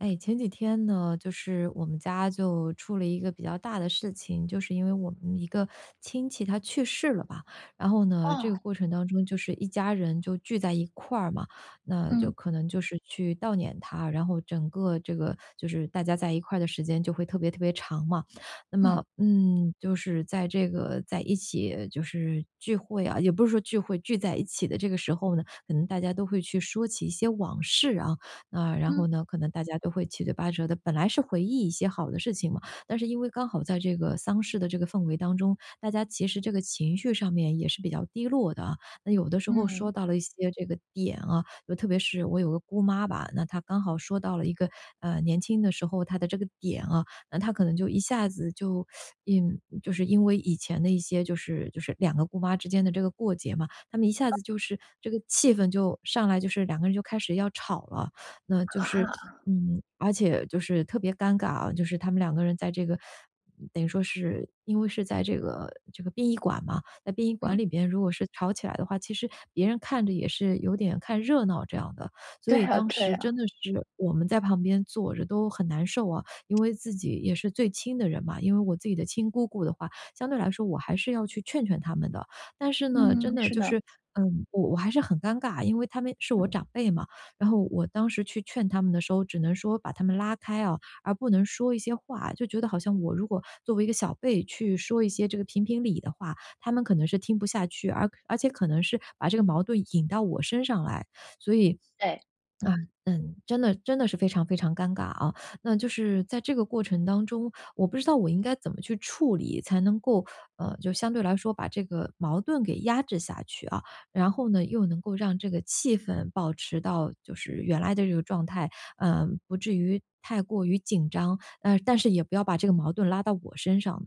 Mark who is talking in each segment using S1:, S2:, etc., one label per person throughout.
S1: 诶，前几天呢，就是我们家就出了一个比较大的事情。就是因为我们一个 亲戚他去世了吧，然后呢，这
S2: 哦。
S1: 个过程当中就是一家人就聚在一块儿嘛。那就
S2: 嗯。
S1: 可能就是去悼念他，然后整个这个就是大家在一块的时间就会特别特别长嘛，那么，
S2: 嗯。
S1: 嗯，就是在这个在一起就是聚会啊也不是说聚会，聚在一起的这个时候呢，可能大家都会去说起一些往事啊。啊，然后
S2: 嗯。
S1: 呢，可能大家都会七嘴八舌的本来是回忆一些好的事情嘛，但是因为刚好在这个丧事的这个氛围当中，大家其实这个情绪上面也是比较低落的啊。那有的时候
S2: 嗯。
S1: 说到了一些这个点啊就特别是我有个姑妈吧，那她刚好说到了一个，呃，年轻的时候，她的这个点啊，那她可能就一下子就 因就是因为以前的一些就是就是，两个姑妈之间的这个过节嘛，她们一下
S2: 嗯。
S1: 子就是这个气氛就上来，就是两个人就开始要吵了。那就
S2: 啊？
S1: 是嗯，而且就是特别尴尬啊，就是她们两个在这个 等于说是因为是在这个这个殡仪馆嘛在殡仪馆
S2: 嗯。
S1: 里边，如果是吵起来的话，其实别人看着也是有点看热闹这样的。所
S2: 对
S1: 以
S2: 啊
S1: 当
S2: 对
S1: 时真
S2: 啊。
S1: 的是，我们在旁边坐着都很难受啊。因为自己也是最亲的人嘛因为我自己的亲姑姑的话，相对来说我还是要去劝劝她们的。但是呢真
S2: 嗯，
S1: 的
S2: 是
S1: 就
S2: 的。
S1: 是，嗯，我我还是很尴尬，因为她们是我长辈嘛，然后我当时去劝她们的时候，只能说把她们拉开啊，而不能说一些话。就觉得好像我如果作为一个小辈，去说一些这个评评理的话，她们可能是听不下去，而而且可能是把这个矛盾引到我身上来。所以，
S2: 哎。
S1: 嗯嗯，真的真的是非常非常尴尬啊。那就是在这个过程当中，我不知道我应该怎么去处理，才能够，呃，就相对来说把这个矛盾给压制下去啊，然后呢，又能够让这个气氛保持到就是原来的这个状态，呃，不至于太过于紧张，嗯，但是也不要把这个矛盾拉到我身上，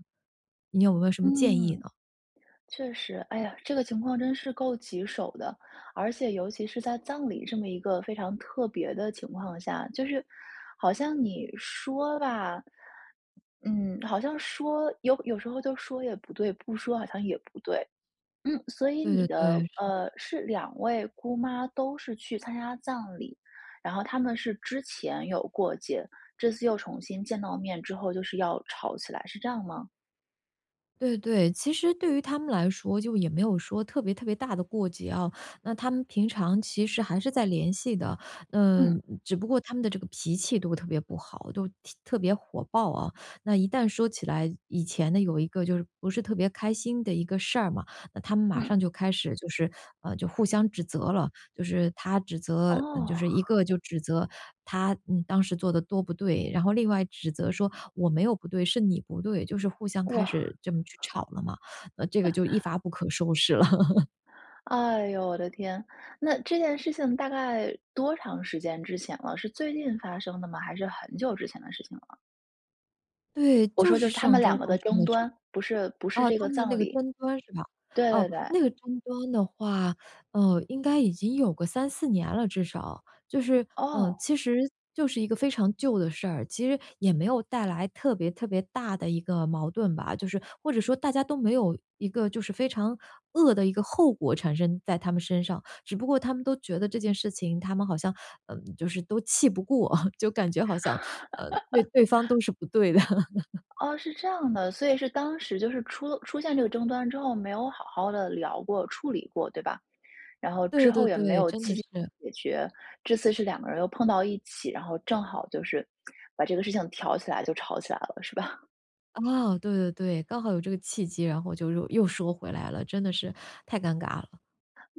S1: 你有没有什么建议
S2: 嗯，
S1: 呢？
S2: 确实，哎呀，这个情况真是够棘手的。而且尤其是在葬礼这么一个非常特别的情况下。就是好像你说吧嗯，好像说有有时候就说也不对，不说好像也不对。嗯，所以
S1: 对
S2: 你
S1: 对
S2: 的
S1: 对，是的。
S2: 呃，是两位姑妈都是去参加葬礼，然后她们是之前有过节，这次又重新见到面之后就是要吵起来，是这样吗？
S1: 对对。其实对于她们来说就也没有说特别特别大的过节啊，那她们平常其实还是在联系的，
S2: 嗯。
S1: 嗯，只不过她们的这个脾气都特别不好，都特特别火爆啊。那一旦说起来，以前呢，有一个就是不是特别开心的一个事儿嘛，那她们马上
S2: 嗯。
S1: 就开始就是嗯，就互相指责了。就是她指责嗯，就
S2: 哦。
S1: 是一个就指责，她，嗯，当时做得多不对，然后另外指责说，“我没有不对是你不对”，就是互相
S2: 哇！
S1: 开始这么去吵了嘛，这个就一发 不可收拾了。
S2: 哎哟，我的天，那这件事情大概多长时间之前了，是最近发生的吗？还是很久之前的事情了？
S1: 对，
S2: 我说
S1: 就
S2: 就
S1: 是
S2: 是她
S1: 上
S2: 们两
S1: 周
S2: 个
S1: 发
S2: 的
S1: 生
S2: 争
S1: 的事儿。
S2: 端，不是不是
S1: 哦，
S2: 这
S1: 她
S2: 个
S1: 们的那
S2: 葬
S1: 个
S2: 礼。
S1: 争端是吧？
S2: 对对
S1: 哦，
S2: 对。
S1: 那个争端的话，嗯，应该已经有个3-4年了，至少。就是嗯，
S2: 哦。
S1: 其实，就是一个非常旧的事儿，其实也没有带来特别特别大的一个矛盾吧，就是或者说大家都没有一个就是非常恶的一个后果产生在她们身上。只不过她们都觉得这件事情，她们好像，嗯，就是都气不过，就感觉好像，呃，对对方 都是不对的。
S2: 哦，是这样的。所以是当时就是出了出现这个争端之后没有好好地聊过、处理过，对吧？然后之
S1: 对
S2: 后
S1: 对
S2: 也没
S1: 对，
S2: 有
S1: 真
S2: 积
S1: 的
S2: 极
S1: 是。
S2: 解决，这次是两个人又碰到一起，然后正好就是 把这个事情挑起来就吵起来了，是吧？
S1: 啊，对对对，刚好有这个契机，然后就又又说回来了，真的是太尴尬了。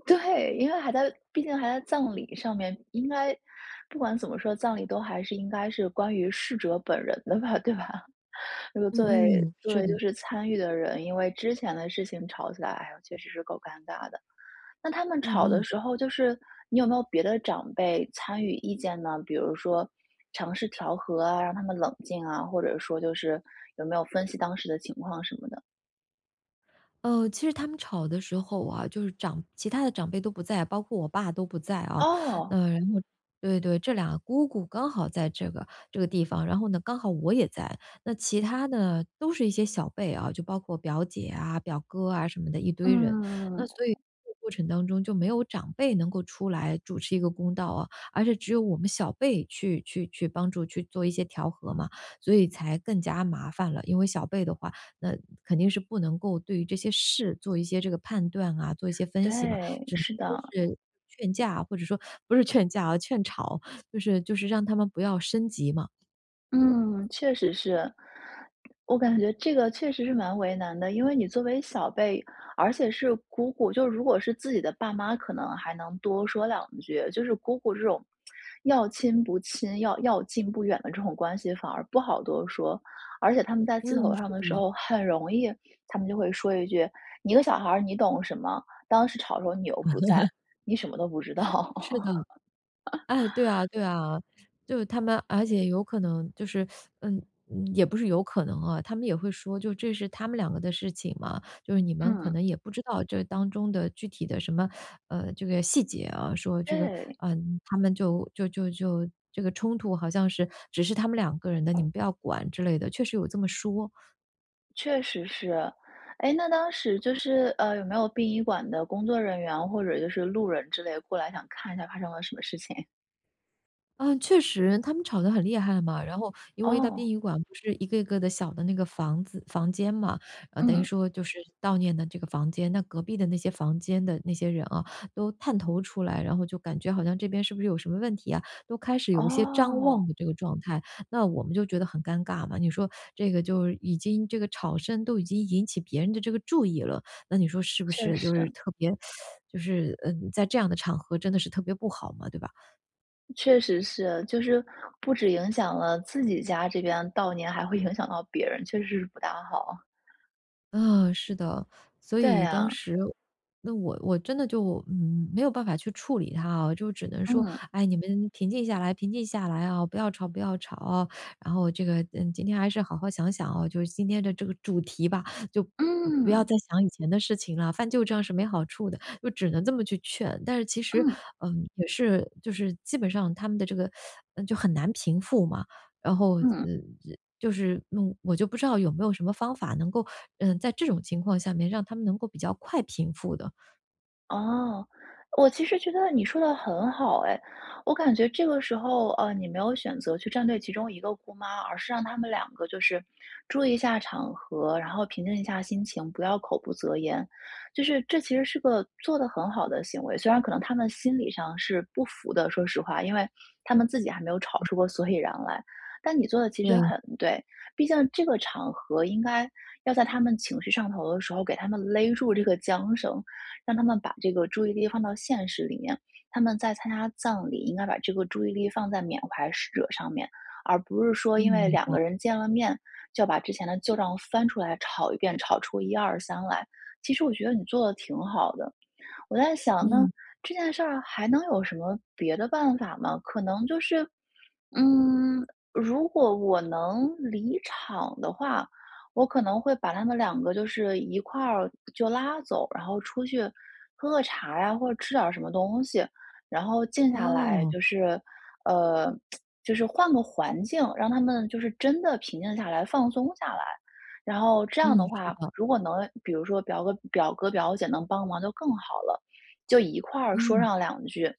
S2: 对，因为还在毕竟还在葬礼上面，应该，不管怎么说，葬礼都还是应该是关于逝者本人的吧，对吧？如果
S1: 嗯
S2: 作为
S1: 嗯，
S2: 作
S1: 是
S2: 为就
S1: 的。
S2: 是参与的人因为之前的事情吵起来，确实是够尴尬的。那她们
S1: 嗯
S2: 吵的
S1: 嗯。
S2: 时候就是你有没有别的长辈参与意见呢？比如说尝试调和啊，让她们冷静啊，或者说就是，有没有分析当时的情况什么的。
S1: 呃，其实她们吵的时候啊，就是长其他的长辈都不在，包括我爸都不在啊，
S2: 哦。
S1: 那然后对对，这俩姑姑刚好在这个这个地方，然后呢，刚好我也在。那其他呢，都是一些小辈啊，就包括表姐啊、表哥啊什么的一堆人，那
S2: 嗯。
S1: 所以这个过程当中就没有长辈能够出来主持一个公道啊，而是只有我们小辈去去去帮助，去做一些调和嘛，所以才更加麻烦了。因为小辈的话，那肯定是不能够对于这些事做一些这个判断啊、做一些分析嘛，
S2: 对，
S1: 只能
S2: 是
S1: 说
S2: 的。
S1: 是劝架，或者说不是劝架哦，劝吵，就是就是让她们不要升级嘛。
S2: 嗯，确实是。我感觉这个确实是蛮为难的。因为你作为小辈而且是姑姑，就如果是自己的爸妈可能还能多说两句，就是姑姑这种 要亲不亲，要要近不远的这种关系，反而不好多说。而且她们在气头
S1: 嗯，
S2: 上
S1: 是
S2: 的
S1: 的
S2: 时
S1: 嘛。
S2: 候，很容易她们就会说一句“你一个小孩儿，你懂什么，当时吵的时候你又不在，你什么都不知道。”
S1: 是的。哎，对啊 对啊，就是她们而且有可能就是 嗯，也不是有可能啊，她们也会说，就这是她们两个的事情嘛，就是你们可
S2: 嗯。
S1: 能也不知道这当中的具体的什么 呃，这个细节啊，说这个，
S2: 对。
S1: 嗯，她们就就就就这个冲突好像是只是她们两个人的，你们不要管之类的，确实有这么说。
S2: 确实是。哎，那当时就是，呃，有没有殡仪馆的工作人员或者就是路人之类过来想看一下发生了什么事情？
S1: 嗯，确实，她们吵得很厉害嘛，然后，因为在殡
S2: 哦。
S1: 仪馆不是一个一个的小的那个房子房间嘛，等于
S2: 嗯。
S1: 说就是悼念的这个房间。那隔壁的那些房间的那些人啊，都探头出来，然后就感觉好像这边是不是有什么问题啊，都开始有一些张
S2: 哦。
S1: 望的这个状态。那我们就觉得很尴尬嘛，你说这个就已经这个吵声都已经引起别人的这个注意了，那你说是不
S2: 确
S1: 是就是
S2: 实。
S1: 特别 就是，嗯，在这样的场合真的是特别不好嘛，对吧？
S2: 确实是，就是不只影响了自己家这边悼念，还会影响到别人，确实是不大好。
S1: 嗯，是的。所
S2: 对
S1: 以当
S2: 呀。
S1: 时，那我我真的就，嗯，没有办法去处理它啊，就只能说：
S2: 嗯。
S1: “哎，你们平静下来平静下来啊，不要吵不要吵啊”，然后这个，嗯，“今天还是好好想想啊，就是今天的这个主题吧，就不不要
S2: 嗯。
S1: 再想以前的事情啦，翻旧账是没好处的”，就只能这么去劝。但是其实，
S2: 嗯。
S1: 嗯，也是就是基本上她们的这个，就很难平复嘛，然后，嗯
S2: 嗯。
S1: 嗯，就是，嗯，我就不知道有没有什么方法能够，嗯，在这种情况下面让她们能够比较快平复的。
S2: 哦，我其实觉得你说得很好哎。我感觉这个时候，呃，你没有选择去站队其中一个姑妈，而是让她们两个就是注意一下场合，然后平静一下心情，不要口不择言，就是这其实是个做得很好的行为。虽然可能她们心理上是不服的，说实话，因为她们自己还没有吵
S1: 嗯。
S2: 出个所以然来。但你做得其实
S1: 对。
S2: 很对，毕竟这个场合应该要在她们情绪上头的时候，给她们勒住这个缰绳，让她们把这个注意力放到现实里面。她们在参加葬礼，应该把这个注意力放在缅怀逝者上面，而不是说
S1: 嗯，
S2: 因为
S1: 明
S2: 两个
S1: 白。
S2: 人见了面，就要把之前的旧账翻出来吵一遍，吵出一二三来。其实我觉得你做得挺好的。我在想呢，
S1: 嗯。
S2: 这件事儿还能有什么别的办法吗？可能就是嗯，如果我能离场的话，我可能会把她们两个就是一块儿就拉走，然后出去喝个茶呀，或者吃点儿什么东西，然后静下来
S1: 哦。
S2: 就是呃，就是换个环境，让她们就是真的平静下来、放松下来。然后这样
S1: 嗯，
S2: 的
S1: 是
S2: 话，
S1: 的。
S2: 如果能比如说表哥表哥、表姐能帮忙就更好了，就一块儿说
S1: 嗯。
S2: 上两句，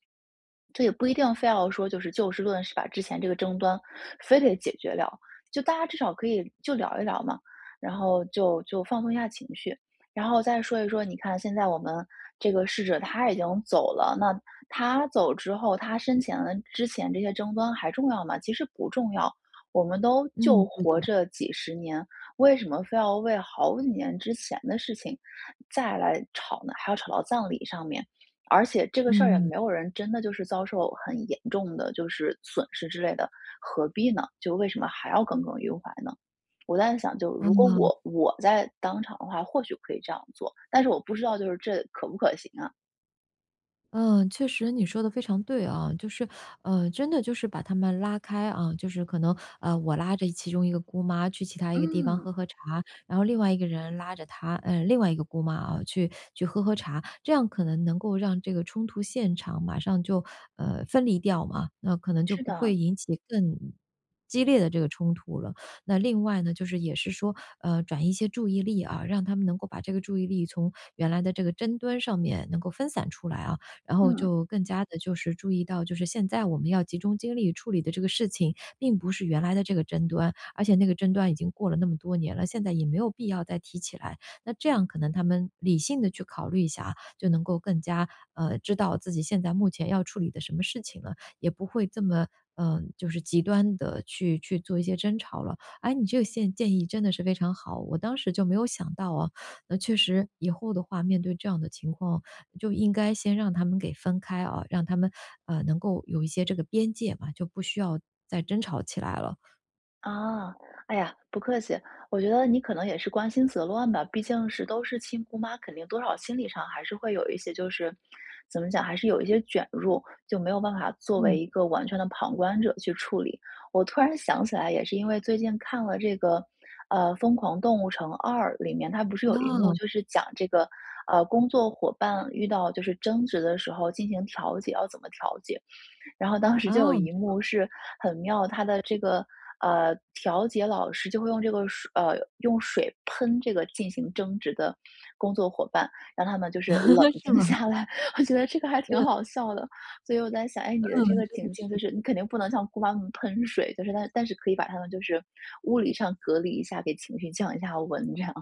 S2: 这也不一定非要说就是就事论事，把之前这个争端非得解决掉，就大家至少可以就聊一聊嘛，然后就就放松一下情绪。然后再说一说，你看现在我们这个逝者他已经走了，那他走之后，他生前的之前这些争端还重要吗？其实不重要。我们都就
S1: 嗯，对
S2: 活
S1: 的。
S2: 这几十年，为什么非要为好几年之前的事情再来吵呢？还要吵到葬礼上面。而且这个事儿也
S1: 嗯。
S2: 没有人真的就是遭受很严重的就是损失之类的，何必呢？就为什么还要耿耿于怀呢？我在想就如果
S1: 嗯。
S2: 我我在当场的话或许可以这样做，但是我不知道就是这可不可行啊。
S1: 嗯，确实你说得非常对啊。就是，嗯，真的就是把她们拉开，啊，就是可能，呃，我拉着其中一个姑妈去其他一个地方
S2: 嗯。
S1: 喝喝茶。然后另外一个人拉着她呃，另外一个姑妈啊，去去喝喝茶。这样可能能够让这个冲突现场马上就，呃，分离掉嘛，那可能就
S2: 是
S1: 不会
S2: 的。
S1: 引起更激烈的这个冲突了。那另外呢，就是也是说，呃，转移一些注意力啊，让她们能够把这个注意力从原来的这个争端上面能够分散出来啊。然后
S2: 嗯。
S1: 就更加地就是注意到，就是现在我们要集中精力处理的这个事情，并不是原来的这个争端。而且那个争端已经过了那么多年了，现在也没有必要再提起来。那这样可能她们理性地去考虑一下啊，就能够更加，呃，知道自己现在目前要处理的什么事情了。也不会这么，呃，就是极端地去去做一些争吵了。哎，你这个建建议真的是非常好，我当时就没有想到啊，那确实以后的话，面对这样的情况，就应该先让她们给分开啊，让她们，呃，能够有一些这个边界嘛，就不需要再争吵起来了。
S2: 啊，哎呀，不客气。我觉得你可能也是关心则乱吧，毕竟是都是亲姑妈，肯定多少心理上还是会有一些就是怎么讲，还是有一些卷入，就没有办法作为
S1: 嗯。
S2: 一个完全的旁观者去处理。我突然想起来也是因为最近看了这个，呃，《疯狂动物城2》里面，它不是有一幕
S1: 哦。
S2: 就是讲这个，呃，工作伙伴遇到就是争执的时候进行调解，要怎么调解。然后当时就有
S1: 哦。
S2: 一幕是很妙，它的这个，呃，调解老师就会用这个水呃，用水喷这个进行争执的工作伙伴，让他们就是冷
S1: 是
S2: 静
S1: 吗？
S2: 下来，我觉得这个还挺
S1: 嗯。
S2: 好笑的。所以我在想，哎，你的
S1: 嗯，
S2: 这个
S1: 真的
S2: 情境就
S1: 是。
S2: 是你肯定不能向姑妈她们喷水，就是她但是可以把她们就是物理上隔离一下，给情绪降一下温这样。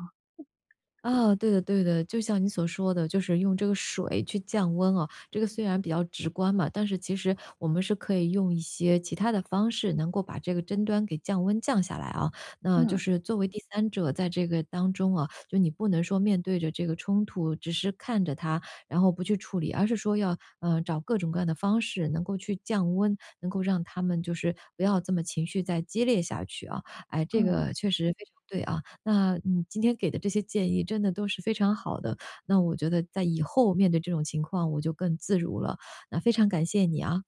S1: 啊，对的对的，就像你所说的，就是用这个水去降温啊。这个虽然比较直观嘛，但是其实，我们是可以用一些其他的方式，能够把这个争端给降温降下来啊。那就
S2: 嗯。
S1: 是作为第三者在这个当中啊，就你不能说面对着这个冲突，只是看着它，然后不去处理，而是说要，呃，找各种各样的方式能够去降温，能够让她们就是不要这么情绪再激烈下去啊。哎，这
S2: 嗯。
S1: 个确实非常对啊。那你今天给的这些建议真的都是非常好的，那我觉得在以后面对这种情况，我就更自如了，那非常感谢你啊。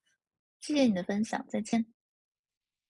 S2: 谢谢你的分享，再见。